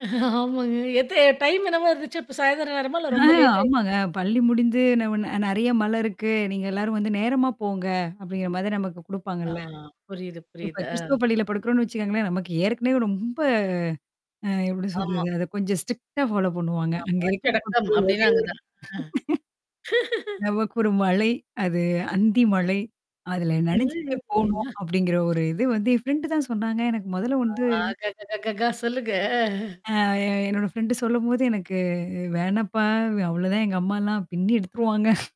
ஆமாங்க. எத்த எ டைம் என்னவா இருந்துச்சா? இப்ப சாயந்திரம் நேரமா இல்ல ஆ ரொம்ப லேட் ஆமாங்க. ஆயிருச்சா பள்ளி முடிச்சு ந நெறைய மழ இருக்கு. நீங்க எல்லாரும் வந்து நேரமா போங்க. அப்படிங்கிற மாதிரி நமக்கு ஆ குடுப்பாங்கள்ல. புரியுது இப்ப புரியுது. ஆ. கிறிஸ்துவ பள்ளியில படுக்கறோம்னு வச்சுக்கோங்களேன், நமக்கு ஏற்கனவே ரொம்ப அ எப்படி ஆமா. சொல்றது? அத கொஞ்சம் ஸ்ட்ரிக்ட்டா ஃபாலோ பண்ணுவாங்க. அங்க ஆமா.உச்ச இருக்கிற [unintelligible] கட்டம் அப்டின்னா அங்கதா நமக்கு ஒரு மழை, அது அந்தி மழை. அதுல நெனஞ்சுட்டே போணும், அப்படிங்கிற ஒரு இது [unintelligible] வந்து என் ஃப்ரெண்ட் தான் சொன்னாங்க. எனக்கு மொதல்ல வந்து ஆ க, க, க, க. சொல்லுங்க. அ அ என்னோட ஃப்ரெண்ட் சொல்லும்போது எனக்கு, வேணாப்பா அவ்ளோதான் எங்க அம்மலாம் பின்னி எடுத்துருவாங்க.